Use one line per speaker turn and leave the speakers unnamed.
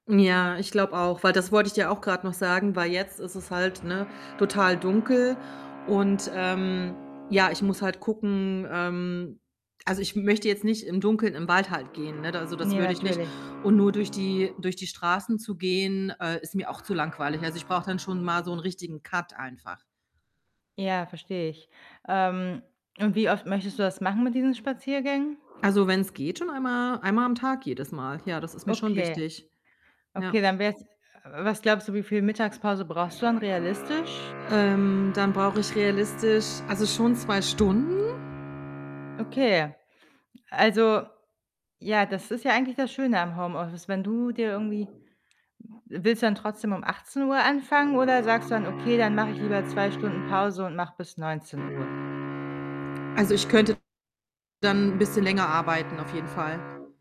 Ja, ich glaube auch, weil das wollte ich dir auch grad noch sagen, weil jetzt ist es halt, ne, total dunkel und ähm, ja, ich muss halt gucken, ähm also, ich möchte jetzt nicht im Dunkeln im Wald halt gehen, ne, also, das
Ja,
würde ich nicht
natürlich.
und nur durch die durch die Straßen zu gehen, äh, ist mir auch zu langweilig. Also, ich brauche dann schon mal so 'nen richtigen Cut einfach.
Ja, verstehe ich. Ähm, und wie oft möchtest du das machen mit diesen Spaziergängen?
Also, wenn's geht schon einmal einmal am Tag jedes Mal. Ja, das ist mir schon
Okay.
wichtig.
Okay,
Ja.
dann wär's äh, was glaubst du, wie viel Mittagspause brauchst du dann realistisch?
Ähm, dann brauche ich realistisch also, schon 2 Stunden.
Okay. Also ja, das ist ja eigentlich das Schöne am Homeoffice, wenn du dir irgendwie w willst du dann trotzdem um 18:00 anfangen oder sagst du dann: „Okay, dann mache ich lieber 2 Stunden Pause und mache bis 19:00?“
Also, ich könnte dann 'n bisschen länger arbeiten auf jeden Fall.